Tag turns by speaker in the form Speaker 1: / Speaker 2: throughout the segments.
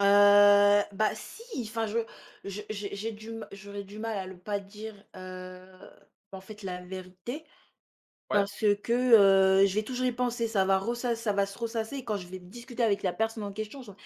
Speaker 1: Heu bah si! Enfin je je j'ai j'ai du ma j'aurais du mal à ne pas dire, heu en fait, la vérité,
Speaker 2: Ouais?
Speaker 1: parce que, heu, je vais toujours y penser, ça va ressass ça va se ressasser et quand je vais discuter avec la personne en question je ça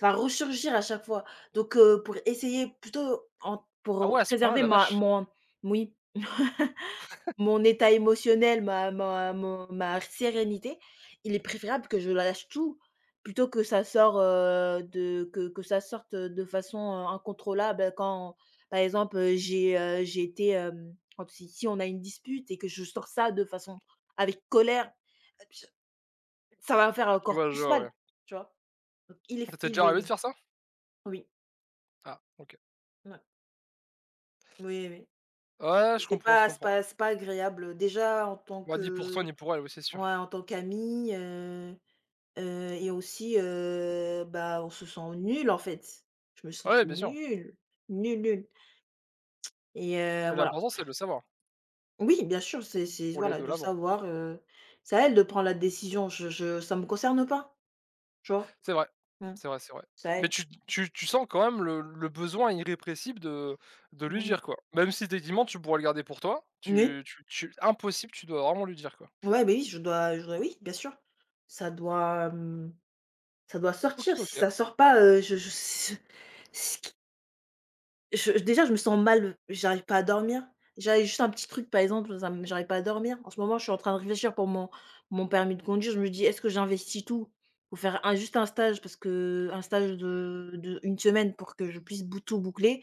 Speaker 1: va resurgir à chaque fois. Donc, heu, pour essayer plutôt en
Speaker 2: Ah
Speaker 1: pour
Speaker 2: ouais! A ce point-là!
Speaker 1: préserver
Speaker 2: La
Speaker 1: ma
Speaker 2: vache!
Speaker 1: mon moui, mon état émotionnel, ma ma mon ma sérénité, il est préférable que je lâche tout, plutôt que ça sort, heu, de, que que ça sorte, heu, de façon incontrôlable, bah, quand, par exemple j'ai, heu, j'ai été, hem, on si si on a une dispute et que je sors ça de façon avec colère! [unintelligible] Ça va me faire
Speaker 2: En fait, je vois
Speaker 1: encore
Speaker 2: le
Speaker 1: plus
Speaker 2: genre
Speaker 1: mal.
Speaker 2: ouais.
Speaker 1: Tu vois? Donc il
Speaker 2: Ça
Speaker 1: faut
Speaker 2: t'es
Speaker 1: il
Speaker 2: déjà
Speaker 1: vaut
Speaker 2: arrivé de
Speaker 1: mieux.
Speaker 2: faire ça?
Speaker 1: Oui.
Speaker 2: Ah! OK.
Speaker 1: Mouais. Oui, oui.
Speaker 2: Ouais,
Speaker 1: Et
Speaker 2: je
Speaker 1: c'est
Speaker 2: comprends, je
Speaker 1: pas c'est
Speaker 2: comprends.
Speaker 1: pas c'est pas agréable, heu, déjà en tant
Speaker 2: Ouais
Speaker 1: que,
Speaker 2: ni pour toi,
Speaker 1: heu.
Speaker 2: ni pour elle, ouais c'est sûr.
Speaker 1: Ouais, en tant qu'ami, heu heu et aussi, heu, bah, on se sent nul en fait. Je me
Speaker 2: Ouais,
Speaker 1: sentais
Speaker 2: ouais, bien sûr.
Speaker 1: nulle, nulle, nulle. Et heu,
Speaker 2: Mais
Speaker 1: voilà.
Speaker 2: l'important, c'est de le savoir.
Speaker 1: Oui, bien sûr, c'est c'est,
Speaker 2: Pour aller
Speaker 1: voilà,
Speaker 2: de
Speaker 1: de
Speaker 2: l'avant.
Speaker 1: savoir, heu, c'est à elle de prendre la décision, je je ça me concerne pas, tu vois?
Speaker 2: C'est vrai,
Speaker 1: Mmh.
Speaker 2: c'est vrai, c'est vrai.
Speaker 1: C'est à
Speaker 2: Mais
Speaker 1: elle.
Speaker 2: tu tu tu sens quand même le le besoin irrépressible, de de lui
Speaker 1: Mmh.
Speaker 2: dire quoi. Même si tu es tu mens, tu pourrais le garder pour toi,
Speaker 1: Moui.
Speaker 2: tu tu tu impossible, tu dois vraiment lui dire quoi.
Speaker 1: Ouais, beh, oui, je dois je dois, oui, bien sûr. Ça doit, mmh, ça doit
Speaker 2: OK!
Speaker 1: sortir. Si
Speaker 2: OK!
Speaker 1: ça sort pas heu, je je, si ce ce qui Je déjà, je me sens mal, j'arrive pas à dormir. J'avais juste un petit truc, par exemple, dans un, hem, j'arrive pas à dormir. En ce moment, je suis en train de réfléchir pour mon mon permis de conduire. Je me dis: «Est-ce que j'investis tout, pour faire un juste un stage?» Parce qu'un stage de, heu, d'1 semaine pour que je puisse bout tout boucler,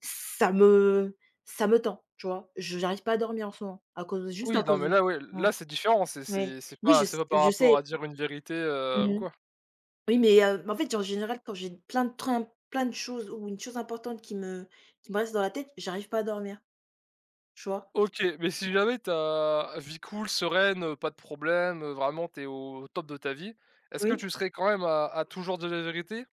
Speaker 1: ça me ça me tend. Tu vois? J j'arrive pas à dormir en ce moment, à cause de juste
Speaker 2: Oui,
Speaker 1: à
Speaker 2: non,
Speaker 1: cause
Speaker 2: mais
Speaker 1: de
Speaker 2: là ouais,
Speaker 1: mmh.
Speaker 2: là c'est différent, c'est
Speaker 1: Ouais.
Speaker 2: c'est c'est
Speaker 1: Oui je
Speaker 2: pas c'est
Speaker 1: s
Speaker 2: pas par
Speaker 1: je sais.
Speaker 2: rapport à dire une vérité,
Speaker 1: Mmh
Speaker 2: heu, ou
Speaker 1: mh.
Speaker 2: quoi.
Speaker 1: Oui, mais, heu, m en fait, en général, quand j'ai plein de trempe, plein de choses ou une chose importante qui me qui me reste dans la tête, j'arrive pas à dormir. Tu vois?
Speaker 2: OK, mais si
Speaker 1: [unintelligible]
Speaker 2: jamais tu as vie cool, sereine, pas de problème, heu, vraiment, tu es au top de ta vie, est-ce que tu
Speaker 1: Oui.
Speaker 2: serais quand même à à toujours dire la vérité?